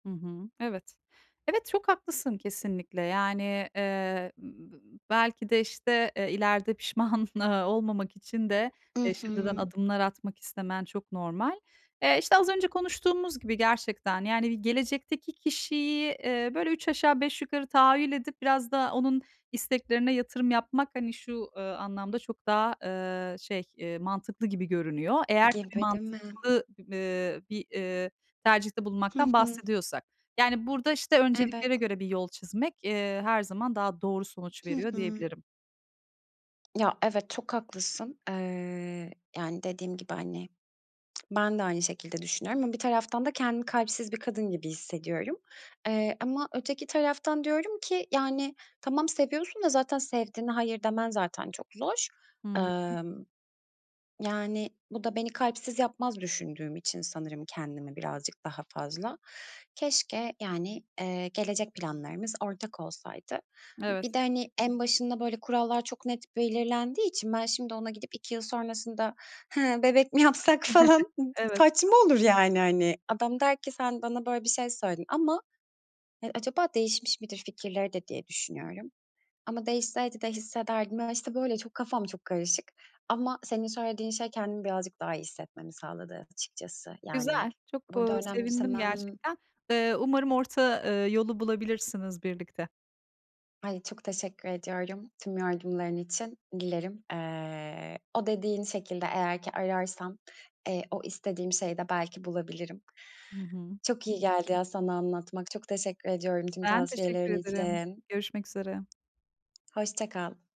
Hı hı. Evet. Evet, çok haklısın kesinlikle. Yani, eee, ııı, bı belki de, işte, eee, ileride pişman, ııı, olmamak için de, I eee, şimdiden hı. adımlar atmak istemen çok normal. Eee, işte, az önce konuştuğumuz gibi gerçekten, yani, bi gelecekteki kişiyi, eee, böyle üç aşağı beş yukarı tahayyül edip biraz da onun isteklerine yatırım yapmak, hani, şu, ııı, anlamda çok daha, ııı, şey, eee, mantıklı gibi görünüyor. Eğer tabii Gibi, değil mi? mantıklı, b ııı, bir, ııı, tercihte Hı bulunmaktan hı. bahsediyorsak. Yani, burada, işte, önceliklere Evet. göre bir yol çizmek, eee, her zaman daha doğru sonuç Hı veriyor hı. diyebilirim. Ya evet, çok haklısın. Eee, yani, dediğim gibi, hani, ben de aynı şekilde düşünüyorum ama bir taraftan da kendimi kalpsiz bir kadın gibi hissediyorum. Eee, ama öteki taraftan diyorum ki, yani, "Tamam, seviyorsun da zaten sevdiğine hayır demen zaten çok zor." Hı hı, hı. Imm. Yani, bu da beni kalpsiz yapmaz düşündüğüm için sanırım kendimi birazcık daha fazla. Keşke, yani, eee, gelecek planlarımız ortak olsaydı. Evet. Bir de, hani, en başında böyle kurallar çok net belirlendiği için ben şimdi ona gidip 2 yıl sonrasında, "Hıı, bebek mi yapsak?" falan ı d Evet. saçma olur, yani, hani. Adam der ki "Sen bana böyle bir şey söyledin ama" Eee, acaba değişmiş midir fikirleri de diye düşünüyorum. Ama değişseydi de hissederdim. Ya, işte, böyle çok kafam çok karışık. Ama senin söylediğin şey kendimi birazcık daha iyi hissetmemi sağladı açıkçası. Yani, Güzel, çok, ııı, burada sevindim önemsemem gerçekten. Iıı, umarım orta, ııı, yolu bulabilirsiniz birlikte. Ay, çok teşekkür ediyorum, tüm yardımların için. Dilerim, eee, o dediğin şekilde eğer ki ararsam, eee, o istediğim şeyi de belki bulabilirim. Hı hı. Çok iyi geldi ya sana anlatmak. Çok teşekkür ediyorum tüm Ben, teşekkür tavsiyelerin ederim. için. Görüşmek üzere. Hoşça kal.